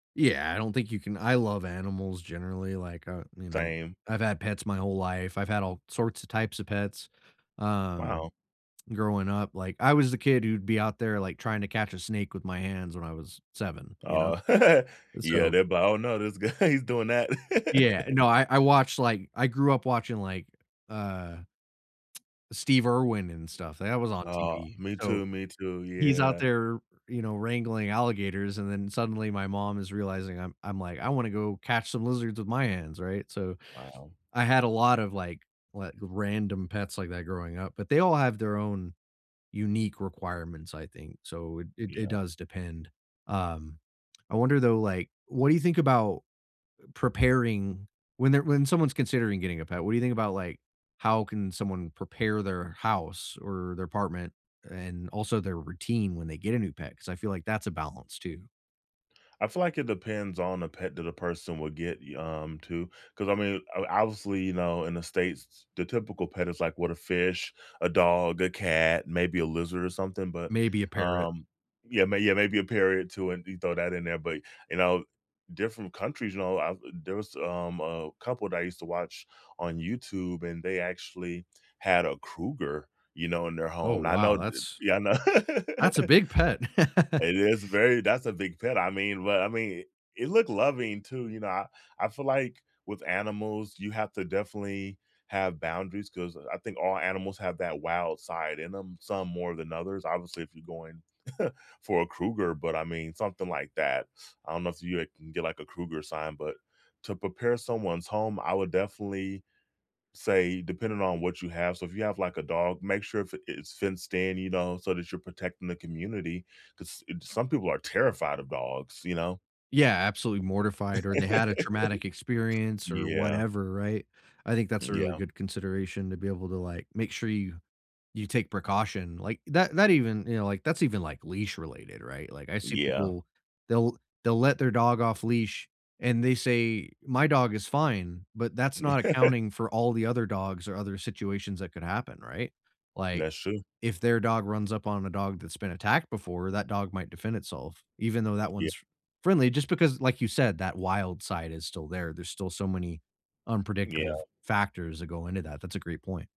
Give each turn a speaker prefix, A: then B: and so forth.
A: Yeah, I don't think you can I love animals generally, like, uh, you know,
B: Same.
A: I've had pets my whole life. I've had all sorts of types of pets, um,
B: Wow.
A: growing up, like, I was the kid who'd be out there, like, trying to catch a snake with my hands when I was 7, you know?
B: Oh,
A: Eh,
B: yeah,
A: so
B: the bu I don't know. This guy, he's doing that.
A: Yeah, eh, no, I I watched, like I grew up watching, like, uh, Steve Irwin and stuff. That was on
B: Uh,
A: TV,
B: me
A: so,
B: too. Me too.
A: he's out
B: Yeah.
A: there, you know, wrangling alligators, and then suddenly my mom is realizing I'm I'm like, "I wanna go catch some lizards with my hands," right? So
B: Wow.
A: I had a lotta, like, like, random pets like that growing up, but they all have their own unique requirements, I think. So, it it it
B: Yeah.
A: does depend, um I wonder, though, like, what do you think about preparing when they're when someone's considering getting a pet, what do think about, like, how can someone prepare their house, or their apartment, and also their routine when they get a new pet, 'cause I feel like that's a balance, too.
B: I feel like it depends on the pet that a person would get y um, to, 'cause, I mean, o obviously, you know, in the States, the typical pet is like, what, a fish, a dog, a cat, maybe a lizard or something, but,
A: Maybe a parrot.
B: um, yeah, may yeah, maybe a parot too, and you throw that in there, but, you know, different countries, you know, uh, there was, um, a couple that I used to watch on YouTube, and they actually had a cougar, you know, in their
A: Oh,
B: home. I
A: wow.
B: know, th
A: That's
B: yeah, I know.
A: that's a big pet!
B: It is very that's a big pet, I mean, well, I mean, it looked loving too, you know. I I feel like with animals, you have to definitely have boundaries, 'cause I think all animals have that wild side in them, some more than others. Obviously, if you're going for a cougar, but I mean, something like that. I don't know if you can get like a cougar sign, but to prepare someone's home, I would definitely, say depending on what you have so, if you have like a dog, make sure if i it's fenced in, you know, so that you're protecting the community, 'cause, eh, some people are terrified of dogs, you know?
A: Yeah, absolutely mortified or they had a traumatic experience, or
B: Yeah.
A: whatever, right? I think that's a really
B: Yeah.
A: good consideration to be able to, like, make sure you you take precaution, like, that that even, you know, like, that's even, like, leash-related, right? Like, I see
B: Yeah.
A: people they'll they'll let their dog off leash, and they say, "My dog is fine," but that's not accounting for all the other dogs, or other situations that could happen, right? Like,
B: That's true.
A: if their dog runs up on a dog that's been attacked before, that dog might defend itself, even though that
B: Yeah
A: one's friendly just because, like you said, that wild side is still there, there's still so many unpredictable
B: Yeah.
A: f factors that go into that, that's a great point.